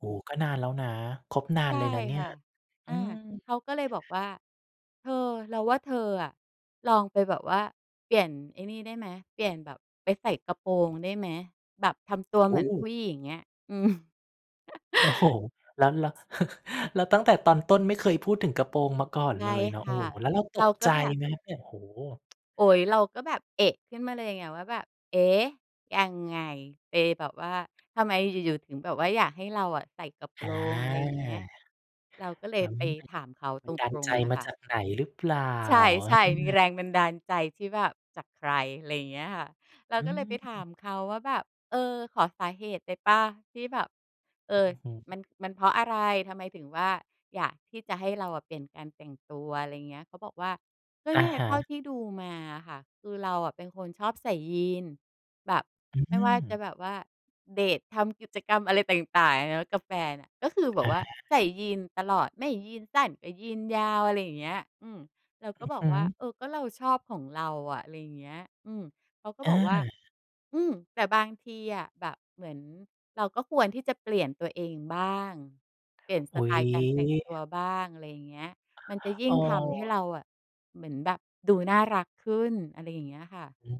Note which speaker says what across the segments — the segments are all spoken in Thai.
Speaker 1: โอ้ ก็นานแล้วนะ คบนา
Speaker 2: ใช
Speaker 1: น
Speaker 2: ่
Speaker 1: เลยนะเนี่
Speaker 2: ค
Speaker 1: ย
Speaker 2: ่ะ
Speaker 1: อ
Speaker 2: อ
Speaker 1: ื
Speaker 2: า
Speaker 1: ม
Speaker 2: เขาก็เลยบอกว่า "เธอ เราว่าเธออะ ลองไปแบบว่าเปลี่ยนไอ้นี่ได้ไหม เปลี่ยนแบบไปใส่กระโปรงได้ไหม? แบบทำตัว
Speaker 1: โ
Speaker 2: เ
Speaker 1: อ
Speaker 2: หมือนผู
Speaker 1: ้
Speaker 2: ้หญิง" เงี้ย อืม
Speaker 1: โอ้โฮ! แล้ว แล้ว แล้วตั้งแต่ตอนต้นไม่เคยพูดถึงกระโปรงมาก่อน
Speaker 2: ใช
Speaker 1: เ
Speaker 2: ่
Speaker 1: ลยเนา
Speaker 2: ค
Speaker 1: ะ โอ้
Speaker 2: ่ะ
Speaker 1: แล้วเราต
Speaker 2: เรา
Speaker 1: ก
Speaker 2: ก็
Speaker 1: ใจ
Speaker 2: แบบ
Speaker 1: ไหมครับเนี่ย? โฮ
Speaker 2: โอ๊ย เราก็แบบ เอะ ขึ้นมาเลยไง ว่าแบบ เอ๊ะ! ยังไง เปย์แบบว่าทำไมอยู่ ๆ ถึงแบบว่าอยากให้เราอะใส่กระโป
Speaker 1: อา
Speaker 2: รง อะไรเงี้ย เราก็เล
Speaker 1: อื
Speaker 2: ยไป
Speaker 1: ม
Speaker 2: ถามเขา
Speaker 1: บั
Speaker 2: ต
Speaker 1: นดาล
Speaker 2: ร
Speaker 1: ใจ
Speaker 2: ง ๆ อะ
Speaker 1: มา
Speaker 2: ค่ะ
Speaker 1: จากไหนหรือเปล่า?
Speaker 2: ใช
Speaker 1: อ
Speaker 2: ่ ๆ มีแ
Speaker 1: า
Speaker 2: รงบันดาลใจที่แบบจากใคร อะไรเงี้ยค่ะ เรา
Speaker 1: อื
Speaker 2: ก็เลยไปถา
Speaker 1: ม
Speaker 2: มเขาว่าแบบ "เออ ขอสาเหตุได้เปล่า ที่แบบ เอ่อ
Speaker 1: อือฮ
Speaker 2: ม
Speaker 1: ึ
Speaker 2: ัน มันเพราะอะไร ทำไมถึงว่าอยากที่จะให้เราอะเปลี่ยนการแต่งตัว" อะไรเงี้ย เขาบอกว่า ก็
Speaker 1: อ
Speaker 2: เน
Speaker 1: ะ
Speaker 2: ี่ย
Speaker 1: ฮ
Speaker 2: เท
Speaker 1: ะ
Speaker 2: ่าที่ดูมาอะค่ะ คือเราอะเป็นคนชอบใส่ยีนส์ แบบ
Speaker 1: อื
Speaker 2: ไม่ว่าจะ
Speaker 1: ม
Speaker 2: แบบว่าเดต ทำกิจกรรมอะไรต่าง ๆ เนาะ กับแฟนอะ ก็คือแบ
Speaker 1: อ
Speaker 2: บ
Speaker 1: า
Speaker 2: ว่าใส่ยีนส์ตลอด ไม่ยีนส์สั้นก็ยีนส์ยาว อะไรอย่างเงี้ย อืม เราก
Speaker 1: อ
Speaker 2: ็
Speaker 1: ือ
Speaker 2: บอ
Speaker 1: ฮ
Speaker 2: กว่า
Speaker 1: ึ
Speaker 2: เออก็เราชอบของเราอะ อะไรเงี้ย อืม เขาก็
Speaker 1: อ
Speaker 2: บอกว่า
Speaker 1: า
Speaker 2: อืม แต่บางทีอะแบบเหมือนเราก็ควรที่จะเปลี่ยนตัวเองบ้าง เปลี่ยนส
Speaker 1: อุ๊
Speaker 2: ไต
Speaker 1: ย
Speaker 2: ล์การแต่งตัวบ้าง อะไรเงี้ย มันจะยิ่
Speaker 1: อ๋
Speaker 2: งทำให้
Speaker 1: อ
Speaker 2: เราอะ เหมือนแบบดูน่ารักขึ้น อะไรอย่างเงี้ยค่ะ
Speaker 1: อืม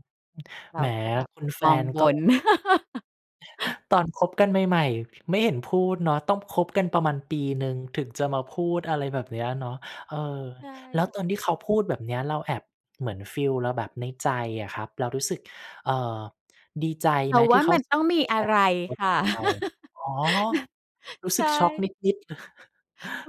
Speaker 2: เร
Speaker 1: แห
Speaker 2: า
Speaker 1: ม
Speaker 2: ก็แบบ
Speaker 1: คุณแฟ
Speaker 2: มอง
Speaker 1: น
Speaker 2: บ
Speaker 1: ก็
Speaker 2: น
Speaker 1: ตอนคบกันใหม่ ๆ ไม่เห็นพูดเนาะ ต้องคบกันประมาณปีหนึ่ง ถึงจะมาพูดอะไรแบบเนี้ยเนาะ เออ
Speaker 2: ใช่
Speaker 1: แล้ว
Speaker 2: ค่
Speaker 1: ตอน
Speaker 2: ะ
Speaker 1: ที่เขาพูดแบบเนี้ย เราแอบเหมือนฟีลเราแบบในใจอะครับ เรารู้สึก เอ่อ ดีใจ
Speaker 2: เร
Speaker 1: ไห
Speaker 2: า
Speaker 1: ม
Speaker 2: ว
Speaker 1: ที
Speaker 2: ่
Speaker 1: ่
Speaker 2: า
Speaker 1: เข
Speaker 2: ม
Speaker 1: า
Speaker 2: ันต้องมีอะไรค่ะ
Speaker 1: เรา อ๋อ รู้
Speaker 2: ใช
Speaker 1: สึกช็อกน
Speaker 2: ่
Speaker 1: ิด ๆ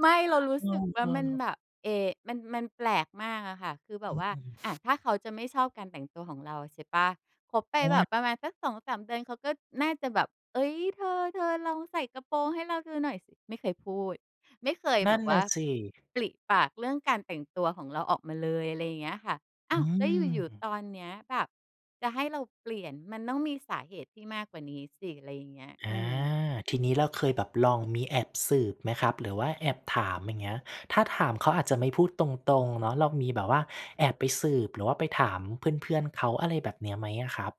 Speaker 2: ไม่ เรารู
Speaker 1: เ
Speaker 2: ้
Speaker 1: อ
Speaker 2: สึกว่า
Speaker 1: อ
Speaker 2: มัน
Speaker 1: ๆ
Speaker 2: แบบ เอ๊ มัน มันแปลกมากอะค่ะ คือแบ
Speaker 1: อ
Speaker 2: บว่า อะ
Speaker 1: ืม
Speaker 2: ถ้าเขาจะไม่ชอบการแต่งตัวของเรา ใช่เปล่า คบไป
Speaker 1: อ้
Speaker 2: แบ
Speaker 1: ว
Speaker 2: บ
Speaker 1: น
Speaker 2: ประมาณสัก 2-3 เดือนเขาก็น่าจะแบบ เอ๊ย "เธอ ๆ ลองใส่กระโปรงให้เราดูหน่อยสิ" ไม่เคยพูด ไม่เคย
Speaker 1: น
Speaker 2: แบ
Speaker 1: ั่น
Speaker 2: บว
Speaker 1: น
Speaker 2: ่
Speaker 1: ่
Speaker 2: า
Speaker 1: ะ สิ
Speaker 2: ปริปากเรื่องการแต่งตัวของเราออกมาเลย อะไรอย่างเงี้ยค่ะ อ้
Speaker 1: อ
Speaker 2: า
Speaker 1: ื
Speaker 2: ว แล้วอยู่ ๆ
Speaker 1: ม
Speaker 2: ตอนเนี้ยแบบจะให้เราเปลี่ยนมันต้องมีสาเหตุที่มากกว่านี้สิ อะไรอย่างเงี้ย
Speaker 1: อ
Speaker 2: อื
Speaker 1: า
Speaker 2: ม
Speaker 1: ทีนี้เราเคยแบบลองมีแอบสืบไหมครับ? หรือว่าแอบถาม อย่างเงี้ย ถ้าถามเขาอาจจะไม่พูดตรง ๆ เนาะเรามีแบบว่าแอบไปสืบ หรือว่าไปถามเพื่อน ๆ เขา อะไรแบบเนี้ย ไหมอะครับ?